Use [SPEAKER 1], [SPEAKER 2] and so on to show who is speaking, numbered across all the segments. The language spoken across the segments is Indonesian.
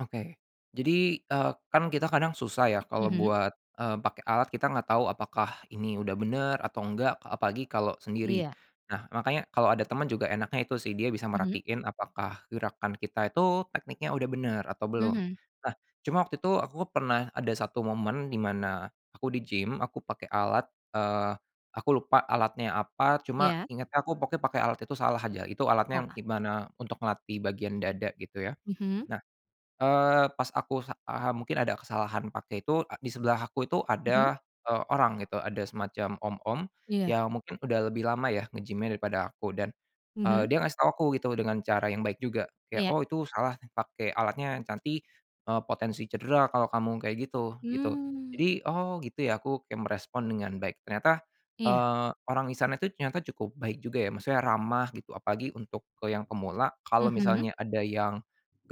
[SPEAKER 1] Oke, jadi, eee, kan kita kadang susah ya kalau
[SPEAKER 2] Mhm.
[SPEAKER 1] buat, eee, pakai alat kita nggak tahu apakah ini udah bener atau enggak apalagi kalau sendiri,
[SPEAKER 2] Iya.
[SPEAKER 1] nah makanya kalau ada teman juga enaknya itu sih dia bisa
[SPEAKER 2] Mhm.
[SPEAKER 1] merhatiin apakah gerakan kita itu tekniknya udah bener atau belum,
[SPEAKER 2] Mhm.
[SPEAKER 1] nah cuma waktu itu aku pernah ada 1 momen dimana, aku di-gym aku pakai alat, eee, aku lupa alatnya apa cuma
[SPEAKER 2] Iya.
[SPEAKER 1] ingetnya aku pokoknya pakai alat itu salah aja itu alatnya
[SPEAKER 2] Wah.
[SPEAKER 1] gimana untuk melatih bagian dada gitu ya,
[SPEAKER 2] Mhm.
[SPEAKER 1] nah, eee, pas aku sa eee, mungkin ada kesalahan pakai itu di sebelah aku itu
[SPEAKER 2] Mhm.
[SPEAKER 1] ada, eee, orang gitu ada semacam om-om,
[SPEAKER 2] Iya.
[SPEAKER 1] yang mungkin udah lebih lama ya nge-gym-nya daripada aku dan,
[SPEAKER 2] Mhm.
[SPEAKER 1] eee, dia ngasih tahu aku gitu dengan cara yang baik juga kayak
[SPEAKER 2] Iya.
[SPEAKER 1] oh itu salah pakai alatnya yang nanti, eee, potensi cedera kalau kamu kayak gitu gitu
[SPEAKER 2] Mmm.
[SPEAKER 1] jadi oh gitu ya aku kayak merespon dengan baik ternyata,
[SPEAKER 2] Iya.
[SPEAKER 1] eee, orang disana itu ternyata cukup baik juga ya maksudnya ramah gitu apalagi untuk ke yang pemula kalau
[SPEAKER 2] Mhm.
[SPEAKER 1] misalnya ada yang,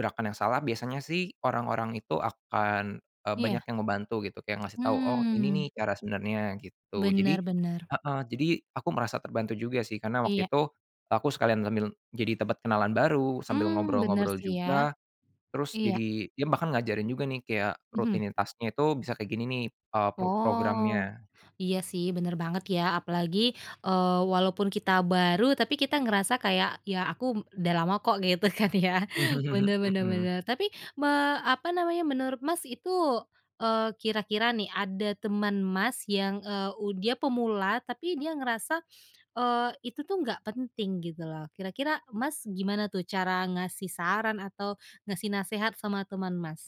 [SPEAKER 1] gerakan yang salah biasanya sih orang-orang itu akan, eee,
[SPEAKER 2] Iya.
[SPEAKER 1] banyak yang ngebantu gitu kayak ngasih tahu oh ini
[SPEAKER 2] Mmm.
[SPEAKER 1] nih cara sebenarnya gitu jadi,
[SPEAKER 2] Bener bener.
[SPEAKER 1] heeh, jadi aku merasa terbantu juga sih karena waktu
[SPEAKER 2] Iya.
[SPEAKER 1] itu, aku sekalian sambil jadi dapat kenalan baru sambil
[SPEAKER 2] Mmm, bener
[SPEAKER 1] ngobrol-ngobrol
[SPEAKER 2] sih ya,
[SPEAKER 1] juga, terus
[SPEAKER 2] iya.
[SPEAKER 1] jadi dia bahkan ngajarin juga nih kayak
[SPEAKER 2] Mhm.
[SPEAKER 1] rutinitasnya itu bisa kayak gini nih, eee, pro
[SPEAKER 2] Oh,
[SPEAKER 1] programnya.
[SPEAKER 2] iya sih bener banget ya apalagi, eee, walaupun kita baru tapi kita ngerasa kayak ya aku udah lama kok gitu kan ya bener bener
[SPEAKER 1] Mhm.
[SPEAKER 2] bener tapi me apa namanya menurut Mas itu, eee, kira-kira nih ada teman Mas yang, eee, u dia pemula tapi dia ngerasa, eee, itu tuh nggak penting gitu loh kira-kira Mas gimana tuh cara ngasih saran atau ngasih nasehat sama teman, Mas?